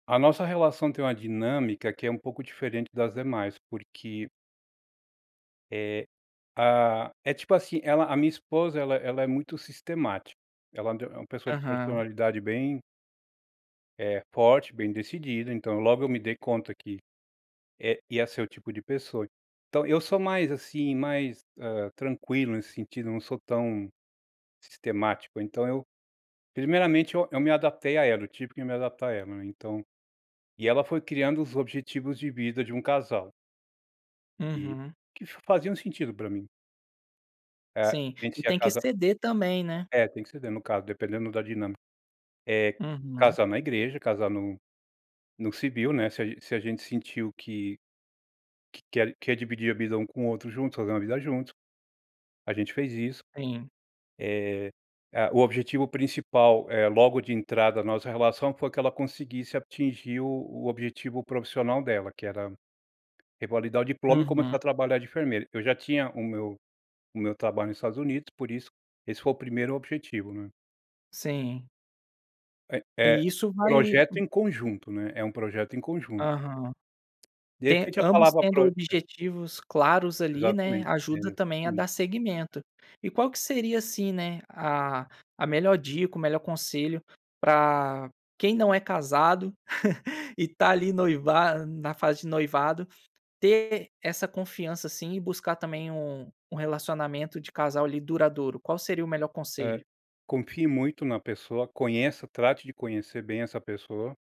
A nossa relação tem uma dinâmica que é um pouco diferente das demais, porque Eh, ah, é tipo, assim, ela a minha esposa ela ela é muito sistemática, ela é und é uma pessoa de Aham. personalidade bem eh, forte, bem decidida, então, logo eu me dei conta que, eh, ia ser o tipo de pessoa. Então eu sou mais, assim, mais, hã, tranquilo nesse sentido, não sou tão, sistemático. Então eu primeiramente, eu eu me adaptei à ela, eu tive que me adaptar à ela, né, então e ela foi criando os objetivos de vida de um casal e, Uhum. que faziam sentido para mim. É, Sim, gente e se ia tem que casa ceder também, né. É, tem que ceder, no caso, dependendo da dinâmica. Eh, Uhum. casar na igreja, casar no no civil, né. Se a se a gente sentiu que que quer quer dividir a vida um com o outro junto, fazer uma vida junto. A gente fez isso. Sim Eh, ah, o objetivo principal, é logo de entrada na nossa relação, foi que ela conseguisse atingir o o objetivo profissional dela, que era revalidar o diploma e começar Uhum. a trabalhar de enfermeira. Eu já tinha o meu o meu trabalho nos Estados Unidos, por isso esse foi o 1º objetivo, né. Sim. É é E isso vai projeto em conjunto, né. É um projeto em conjunto. Aham. De Te repente a ambos palavra tendo prói objetivos claros ali, né, Exatamente, ajuda entendeu, também a hum. dar segmento. E qual que seria assim, né, a a melhor dica, o melhor conselho para quem não é casado, e tá ali noiva na fase de noivado, ter essa confiança, assim, e buscar também um um relacionamento de casal ali, duradouro. Qual seria o melhor É, conselho? confie muito na pessoa, conheça, trate de conhecer bem essa pessoa